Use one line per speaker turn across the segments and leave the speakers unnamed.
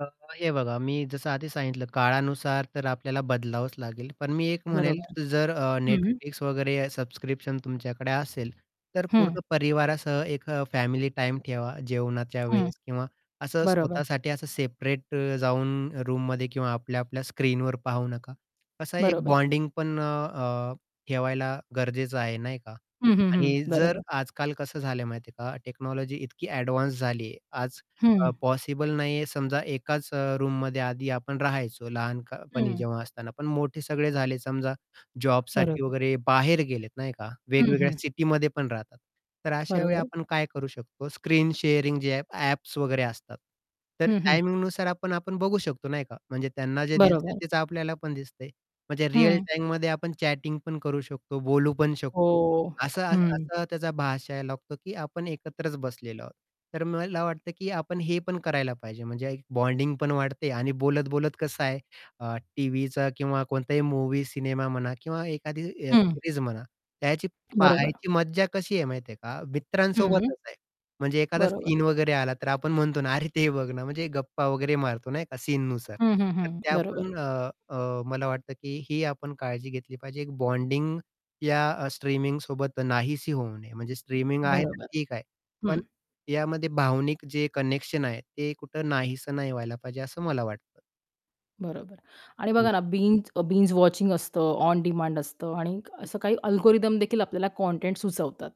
अ, हे बघा, मी जसं आधी सांगितलं, काळानुसार तर आपल्याला बदलावंच लागेल. पण मी एक म्हणेल,
बरोबर.
जर अ,
हं, हं.
Netflix वगैरे सबस्क्रिप्शन तुमच्याकडे असेल, तर
हं.
पूर्ण परिवारासह एक फॅमिली टाईम ठेवा. जेवणाच्या
हं.
वेळेस किंवा असं
बरोबर.
स्वतःसाठी असं सेपरेट जाऊन रूममध्ये किंवा आपल्या आपल्या स्क्रीनवर पाहू नका. असा एक
बरोबर.
बॉन्डिंग पण अ, ठेवायला गरजेचं आहे, नाही का?
हं, हं, हं.
आणि जर
बरोबर.
आजकाल कसं झालंय माहिती आहे का, टेक्नॉलॉजी इतकी एडवान्स झालीये आज अ,
हं.
पॉसिबल नाहीये. समजा एकाच अ, रूममध्ये आधी आपण राहायचो लहानपणी
हं.
जेव्हा असताना. पण मोठे सगळे झाले, समजा जॉबसाठी
बरोबर.
वगैरे बाहेर गेलेत, नाही का?
हं,
वेगवेगळ्या
हं.
सिटीमध्ये पण राहतात. तर अशावेळी
बरोबर.
आपण काय करू शकतो? स्क्रीन शेअरिंग जे आहे, ॲप्स वगैरे असतात. तर
हं, हं.
टायमिंगनुसार आपण आपण बघू शकतो, नाही का? म्हणजे त्यांना जे दिसतंय
बरोबर.
तेच आपल्याला पण दिसतंय. म्हणजे रिअल
हं.
टाईममध्ये आपण चॅटिंग पण करू शकतो, बोलू पण शकतो.
हो,
असं
हं.
असं त्याचा भासायला लागतो, की आपण एकत्रच बसलेलो आहोत. तर मला वाटतं, की आपण हे पण करायला पाहिजे. म्हणजे एक बॉन्डिंग पण वाढते आणि बोलत-बोलत कसं आहे अ, टीव्हीचा किंवा कोणताही मूव्ही, सिनेमा म्हणा किंवा एखादी [unintelligible]
हं.
सीरीज म्हणा. त्याची
बरोबर.
पाहायची मज्जा कशी आहे माहिती आहे का?
हं.
मित्रांसोबतच आहे म्हणजे एखादा
बरोबर.
सीन वगैरे आला, तर आपण म्हणतो ना, अरे, ते बघ ना, म्हणजे गप्पा वगैरे मारतो, नाही का? सीननुसार
हं, हं,
तर
हं.
त्या
बरोबर.
पण अ, मला वाटतं, की ही आपण काळजी घेतली पाहिजे. एक बॉन्डिंग, या स्ट्रीमिंगसोबत नाहीशी होऊ नये. म्हणजे स्ट्रीमिंग आहे तर
बरोबर
ठीक आहे. पण
हं.
यामध्ये भावनिक जे कनेक्शन आहे ते कुठं नाहीसं नाही व्हायला पाहिजे, असं मला वाटतं.
बरोबर आणि बघा
[unintelligible]
ना, बिंज बिंज वॉचिंग असतं, ऑन डिमांड असतं आणि असं काही अल्गोरिदम देखील आपल्याला कॉन्टेंट सुचवतात.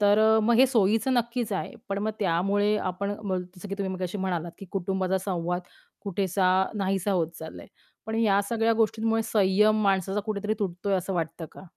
तर अ, मग हे सोयीचं नक्कीच आहे. पण मग त्यामुळे आपण बोल जसं की तुम्ही मगाशी म्हणालात, की कुटुंबाचा संवाद कुठेसा नाहीसा होत चाललंय. पण या सगळ्या गोष्टींमुळे संयम माणसाचा कुठेतरी तुटतोय, असं वाटतं का?